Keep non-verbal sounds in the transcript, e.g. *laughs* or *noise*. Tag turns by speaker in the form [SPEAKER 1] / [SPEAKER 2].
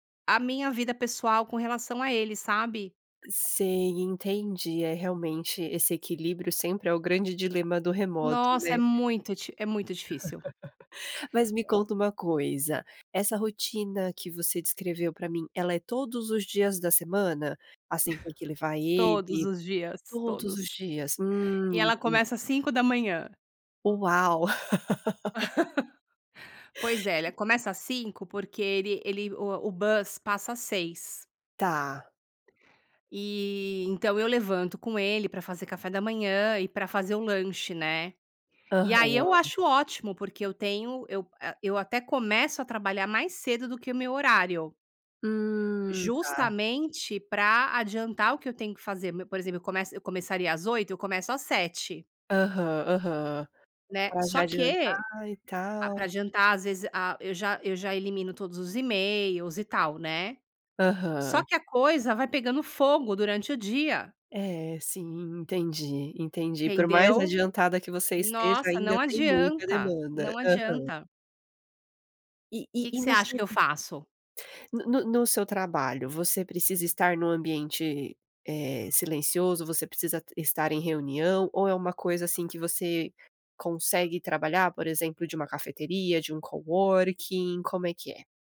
[SPEAKER 1] A minha vida pessoal com relação a ele sabe?
[SPEAKER 2] Sei, entendi. É, realmente. Esse equilíbrio sempre é o grande dilema do remoto
[SPEAKER 1] Nossa é
[SPEAKER 2] né?
[SPEAKER 1] muito di é muito difícil.
[SPEAKER 2] *laughs* Mas me
[SPEAKER 1] E
[SPEAKER 2] conta uma coisa, essa rotina que você descreveu pra mim, ela é todos os dias da semana? Assim, ter que
[SPEAKER 1] *laughs*
[SPEAKER 2] levar
[SPEAKER 1] Todos
[SPEAKER 2] ele?
[SPEAKER 1] os dias,
[SPEAKER 2] Todos os
[SPEAKER 1] todos.
[SPEAKER 2] dias, hum,
[SPEAKER 1] E ela
[SPEAKER 2] entendi.
[SPEAKER 1] começa às 5h.
[SPEAKER 2] Uau. *laughs*
[SPEAKER 1] *laughs* Pois é, ela
[SPEAKER 2] *laughs*
[SPEAKER 1] começa às 5 porque ele ele o o bus passa às 6.
[SPEAKER 2] Tá.
[SPEAKER 1] Eh, então eu levanto com ele pra fazer café da manhã e pra fazer o lanche né? E aí eu
[SPEAKER 2] Aham.
[SPEAKER 1] acho ótimo porque eu tenho eu ah, eu até começo a trabalhar mais cedo do que o meu horário
[SPEAKER 2] Hum, tá.
[SPEAKER 1] justamente pra adiantar o que eu tenho que fazer me por exemplo eu começo eu começaria às 8 eu começo às 7.
[SPEAKER 2] Aham, aham.
[SPEAKER 1] Né?
[SPEAKER 2] Pra já
[SPEAKER 1] Só que,
[SPEAKER 2] adiantar e
[SPEAKER 1] ah pra
[SPEAKER 2] tal.
[SPEAKER 1] adiantar às vezes, ah, eu já eu já elimino todos os emails e tal né? Só
[SPEAKER 2] Aham.
[SPEAKER 1] que a coisa vai pegando fogo durante o dia.
[SPEAKER 2] É, sim. Entendi, entendi. Por mais
[SPEAKER 1] Entendeu?
[SPEAKER 2] adiantada que você esteja
[SPEAKER 1] Nossa,
[SPEAKER 2] ainda
[SPEAKER 1] não
[SPEAKER 2] tem muita
[SPEAKER 1] adianta,
[SPEAKER 2] demanda,
[SPEAKER 1] não
[SPEAKER 2] aham.
[SPEAKER 1] adianta.
[SPEAKER 2] E
[SPEAKER 1] O
[SPEAKER 2] e
[SPEAKER 1] que
[SPEAKER 2] e
[SPEAKER 1] você
[SPEAKER 2] no
[SPEAKER 1] acha
[SPEAKER 2] seu
[SPEAKER 1] que eu faço?
[SPEAKER 2] No no no seu trabalho, você precisa estar num ambiente, eh, silencioso, você precisa t estar em reunião ou é uma coisa assim que você consegue trabalhar por exemplo de uma cafeteria, de um coworking como é que é?